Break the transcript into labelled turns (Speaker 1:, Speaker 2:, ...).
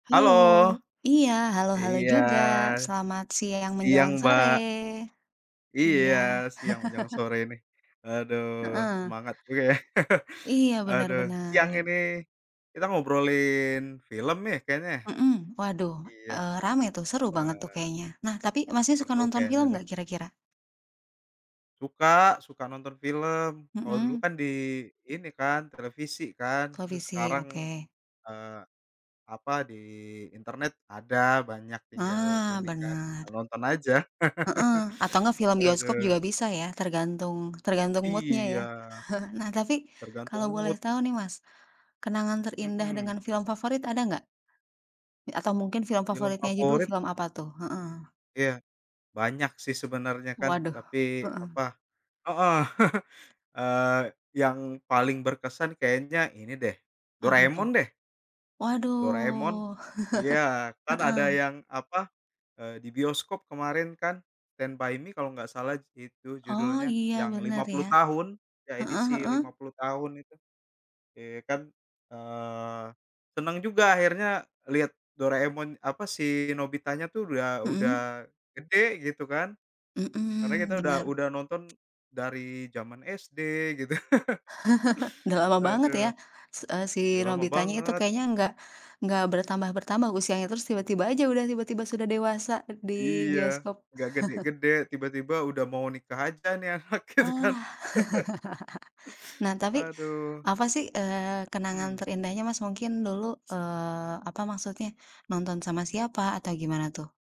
Speaker 1: Halo.
Speaker 2: Halo. Iya, halo halo
Speaker 1: Iya,
Speaker 2: juga. Selamat siang
Speaker 1: siang
Speaker 2: menjelang sore.
Speaker 1: Mbak.
Speaker 2: Iya.
Speaker 1: Iya, siang menjelang sore nih. Waduh,
Speaker 2: Heeh.
Speaker 1: semangat juga ya.
Speaker 2: Iya. Bener
Speaker 1: Aduh, siang
Speaker 2: bener.
Speaker 1: ini, kita ngobrolin film nih kayaknya.
Speaker 2: Mhm, waduh.
Speaker 1: Iya,
Speaker 2: Eee, rame tuh. Seru banget tuh
Speaker 1: wah.
Speaker 2: kayaknya. Nah, tapi Mas nya suka
Speaker 1: Seru
Speaker 2: nonton
Speaker 1: kayaknya
Speaker 2: film
Speaker 1: nih.
Speaker 2: nggak kira-kira?
Speaker 1: Suka, suka nonton film. Kalau dulu
Speaker 2: Mhm.
Speaker 1: kan di, ini kan, televisi kan? Terus
Speaker 2: Televisi,
Speaker 1: sekarang,
Speaker 2: oke.
Speaker 1: eee, apa, di internet ada banyak, tinggal
Speaker 2: Ah,
Speaker 1: ini kan,
Speaker 2: benar.
Speaker 1: nonton aja.
Speaker 2: Heeh, atau enggak film bioskop juga
Speaker 1: Aduh.
Speaker 2: bisa ya, tergantung, tergantung mood-nya
Speaker 1: Iya.
Speaker 2: ya. Nah tapi,
Speaker 1: Tergantung
Speaker 2: kalau boleh
Speaker 1: mood.
Speaker 2: tahu nih Mas, kenangan terindah
Speaker 1: Hmm.
Speaker 2: dengan film favorit ada nggak? Atau mungkin, film
Speaker 1: Film
Speaker 2: favoritnya aja dulu
Speaker 1: favorit.
Speaker 2: film apa tuh? Heeh.
Speaker 1: Iya. Banyak sih, sebenarnya kan,
Speaker 2: Waduh,
Speaker 1: tapi,
Speaker 2: heeh.
Speaker 1: apa heeh, eee, yang paling berkesan kayaknya ini deh,
Speaker 2: Apa
Speaker 1: Doraemon
Speaker 2: tuh?
Speaker 1: deh. Doraemon.
Speaker 2: Waduh,
Speaker 1: Iya, kan ada
Speaker 2: heeh.
Speaker 1: yang, apa, eee, di bioskop kemarin kan? Stand by Me kalau nggak salah s itu
Speaker 2: Oh
Speaker 1: judulnya.
Speaker 2: iya,
Speaker 1: Yang
Speaker 2: benar
Speaker 1: lima
Speaker 2: ya.
Speaker 1: puluh tahun, ya
Speaker 2: Heeh
Speaker 1: edisi lima
Speaker 2: heeh.
Speaker 1: puluh tahun itu. Iya kan, eee, senang juga akhirnya liat Doraemon, apa, si Nobita-nya tuh udah, udah
Speaker 2: Mhm.
Speaker 1: gede gitu kan, karena kita
Speaker 2: Hmm.
Speaker 1: udah
Speaker 2: Bener.
Speaker 1: udah nonton dari jaman SD gitu.
Speaker 2: Udah lama banget ya,
Speaker 1: Waduh.
Speaker 2: se eee, si
Speaker 1: Iya, lama
Speaker 2: Nobita-nya itu
Speaker 1: banget.
Speaker 2: kayaknya enggak, enggak bertambah bertambah usianya, terus tiba-tiba aja udah tiba-tiba sudah dewasa, be di
Speaker 1: Iya.
Speaker 2: bioskop.
Speaker 1: Nggak gede-gede. Tiba-tiba udah mau nikah aja ini anak,
Speaker 2: Oh, wah!
Speaker 1: gitu kan.
Speaker 2: Nah tapi,
Speaker 1: Aduh.
Speaker 2: apa sih, eee, kenangan
Speaker 1: Mhm.
Speaker 2: terindahnya Mas, mungkin dulu, eee, apa maksudnya, nonton sama siapa atau gimana tuh?